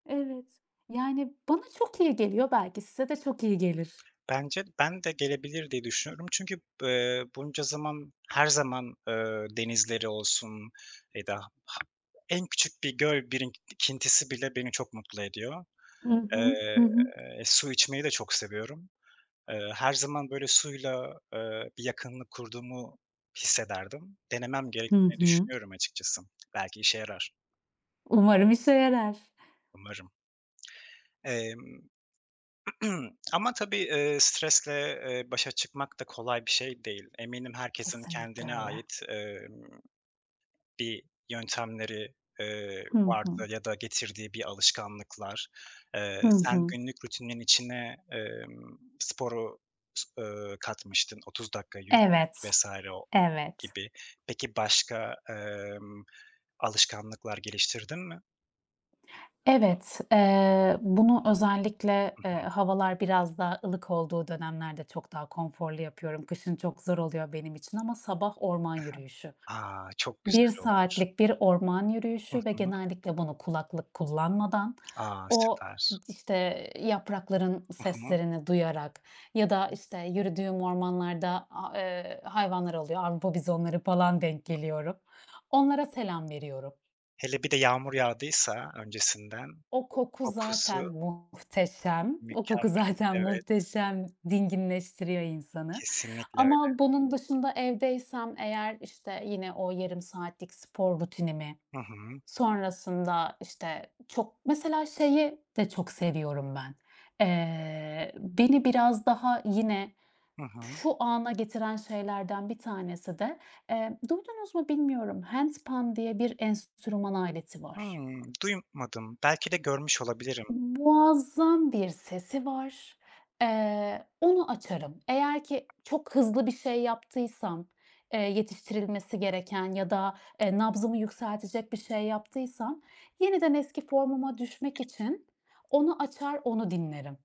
Evet, yani bana çok iyi geliyor. Belki size de çok iyi gelir. Bence ben de gelebilir diye düşünüyorum. Çünkü b eee, bunca zaman her zaman, eee, denizleri olsun ya da ha en küçük bir göl birikintisi bile beni çok mutlu ediyor. Hı hı. Hı Eee, hı. su içmeyi de çok seviyorum. Eee, her zaman böyle suyla, eee, bir yakınlık kurduğumu hissederdim. Denemem Hı gerektiğini hı. düşünüyorum açıkçası. Belki işe yarar. Umarım işe yarar. Umarım. Emm, ama tabii eee, stresle, eee, başa çıkmak da kolay bir şey değil. Eminim herkesin Kesinlikle kendine öyle. ait, emm, bir yöntemleri, eee, Hı hı. vardı ya da getirdiği bir alışkanlıklar. Hı Eee, sen hı. günlük rutinin içine, emm, sporu, s eee, katmıştın. 30 dakika yürümek Evet, vs. o evet. gibi. Peki başka, emm, alışkanlıklar geliştirdin mi? Evet. Eee, bunu özellikle, Hı eee, hı. havalar biraz daha ılık olduğu dönemlerde çok daha konforlu yapıyorum. Kışın çok zor oluyor benim için. Ama sabah orman yürüyüşü. I hı. A, çok 1 güzel olmuş. saatlik bir orman Hı yürüyüşü ve hı. genellikle bunu kulaklık kullanmadan, A, o, süper. işte, yaprakların Hı hı. seslerini duyarak ya da, Hı. işte, yürüdüğüm ormanlarda, a eee, hayvanlar oluyor. Avrupa bizonları falan, denk geliyorum, onlara selam veriyorum. Hele bir de yağmur yağdıysa öncesinden, O koku o zaten kokusu M muhteşem. O koku mükemmel. zaten Evet. muhteşem. Dinginleştiriyor insanı. Kesinlikle öyle. Ama bunun dışında evdeysem eğer, işte, yine o yarım saatlik spor rutinimi Hı hı. sonrasında işte çok Mesela şeyi de çok seviyorum ben. Eee, beni biraz daha yine Hı hı. şu ana getiren şeylerden bir tanesi de, eee, duydunuz mu bilmiyorum. handpan diye bir enstrüman aleti var. Hımm. Duymadım. Belki de görmüş olabilirim. Muazzam bir sesi var. Eee, onu açarım. Eğer ki çok hızlı bir şey yaptıysam, eee, yetiştirilmesi gereken ya da eee, nabzımı yükseltecek bir şey yaptıysam yeniden eski formuma düşmek için onu açar, onu dinlerim.